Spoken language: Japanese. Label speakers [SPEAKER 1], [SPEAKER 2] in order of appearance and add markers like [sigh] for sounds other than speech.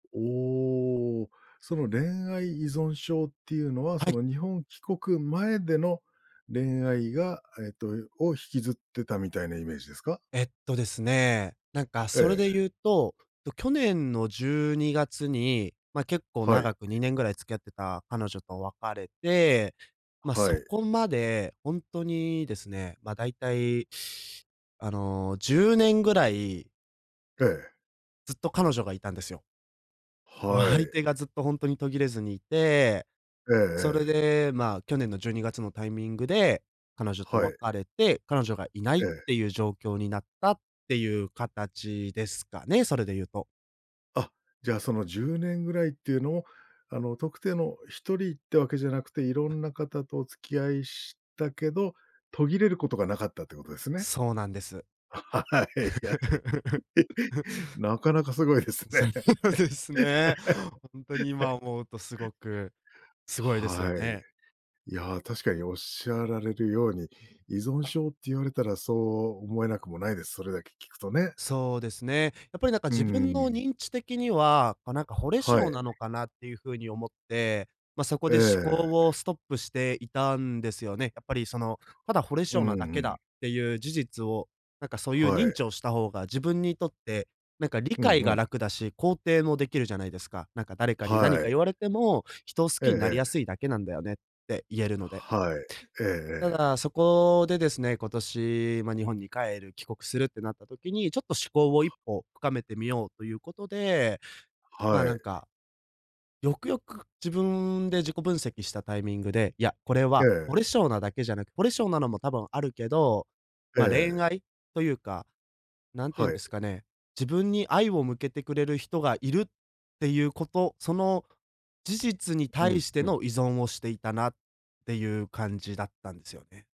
[SPEAKER 1] おお、その恋愛依存症っていうのは、
[SPEAKER 2] は
[SPEAKER 1] そ
[SPEAKER 2] い。
[SPEAKER 1] の、日本帰国前での恋愛が、えっとを引きずってたみたいなイメージですか？
[SPEAKER 2] えっと、ですね、なんか
[SPEAKER 1] え
[SPEAKER 2] それ
[SPEAKER 1] え。
[SPEAKER 2] で言うと、と、去年の12月に、まあ、結構
[SPEAKER 1] はい。
[SPEAKER 2] 長く2年位付き合ってた彼女と別れて、まあ、
[SPEAKER 1] はは
[SPEAKER 2] そ
[SPEAKER 1] い。
[SPEAKER 2] こまでほんとにですね、まあ、だいたい。あの、10年位
[SPEAKER 1] ええ。
[SPEAKER 2] ずっと彼女がいたんですよ。お
[SPEAKER 1] は
[SPEAKER 2] 相
[SPEAKER 1] い。
[SPEAKER 2] 手がずっとほんとに途切れずにいて。
[SPEAKER 1] ええ
[SPEAKER 2] それ
[SPEAKER 1] ええ。
[SPEAKER 2] で、まあ、去年の12月のタイミングで、彼女と
[SPEAKER 1] はい。
[SPEAKER 2] 別れて、彼女がいない
[SPEAKER 1] え
[SPEAKER 2] っ
[SPEAKER 1] え。
[SPEAKER 2] ていう状況になったっていう形ですかね、それで言うと。
[SPEAKER 1] あ、じゃあ、その10年位っていうのを、あの、特定の1人ってわけじゃなくて、色
[SPEAKER 2] あっ
[SPEAKER 1] んな方とお付き合いしたけど、途切れることがなかったということですね？
[SPEAKER 2] そうなんです。
[SPEAKER 1] [laughs] はいはい。
[SPEAKER 2] [laughs]
[SPEAKER 1] なかなかすごいです
[SPEAKER 2] うさ
[SPEAKER 1] ね。
[SPEAKER 2] ぎ、そうですね。ほんとに今
[SPEAKER 1] [laughs]
[SPEAKER 2] 思うとすごくすごいですよ
[SPEAKER 1] は
[SPEAKER 2] ね。
[SPEAKER 1] い。いや、確かにおっしゃられるように、
[SPEAKER 2] うん。
[SPEAKER 1] 依存症って言われたらそう思えなくもないです、それだけ聞くとね。
[SPEAKER 2] そうですね。やっぱりなんか
[SPEAKER 1] う
[SPEAKER 2] 自
[SPEAKER 1] んう
[SPEAKER 2] 分
[SPEAKER 1] ん
[SPEAKER 2] の
[SPEAKER 1] うん。
[SPEAKER 2] 認知的には、あ、なんか惚れ
[SPEAKER 1] は
[SPEAKER 2] 性
[SPEAKER 1] い。
[SPEAKER 2] なのかなっていう風に思って、まあ、そこ
[SPEAKER 1] え
[SPEAKER 2] で思考を
[SPEAKER 1] え。
[SPEAKER 2] ストップしていたんですよね。やっぱり、その、ただ惚れ
[SPEAKER 1] う
[SPEAKER 2] 性なだけ
[SPEAKER 1] んう
[SPEAKER 2] だ、っ
[SPEAKER 1] ん。
[SPEAKER 2] ていう事実を、なんかそういう
[SPEAKER 1] は
[SPEAKER 2] 認
[SPEAKER 1] い。
[SPEAKER 2] 知をした方が自分にとって、なんか理
[SPEAKER 1] うん、
[SPEAKER 2] 解
[SPEAKER 1] ふ
[SPEAKER 2] が
[SPEAKER 1] ん。
[SPEAKER 2] 楽だし、肯定もできるじゃないですか。なんか誰かに何
[SPEAKER 1] は
[SPEAKER 2] か
[SPEAKER 1] い。
[SPEAKER 2] 言われても「人を好き
[SPEAKER 1] ええ
[SPEAKER 2] になり
[SPEAKER 1] ええ。
[SPEAKER 2] やすいだけなんだよね」って言えるので
[SPEAKER 1] はい。えええ
[SPEAKER 2] た
[SPEAKER 1] え。
[SPEAKER 2] だ、そこでですね、今年、まあ、日本に帰る、帰国するってなった時に、ちょっと思考を一歩深めてみようということで。まあ、
[SPEAKER 1] は
[SPEAKER 2] なん
[SPEAKER 1] い。
[SPEAKER 2] か。よくよく自分で自己分析したタイミングで、いや、これ
[SPEAKER 1] え
[SPEAKER 2] は
[SPEAKER 1] え。
[SPEAKER 2] 惚れ性なだけじゃなく、惚れ性なのも多分あるけど、
[SPEAKER 1] え
[SPEAKER 2] まあ、恋
[SPEAKER 1] え。
[SPEAKER 2] 愛というか、なんて言うん
[SPEAKER 1] は
[SPEAKER 2] で
[SPEAKER 1] い。
[SPEAKER 2] すかね。自分に愛を向けてくれる人がいるっていうこと、その事実に
[SPEAKER 1] う
[SPEAKER 2] 対
[SPEAKER 1] ん、
[SPEAKER 2] して
[SPEAKER 1] うん。
[SPEAKER 2] の依存をしていたなっていう感じだったんですよね。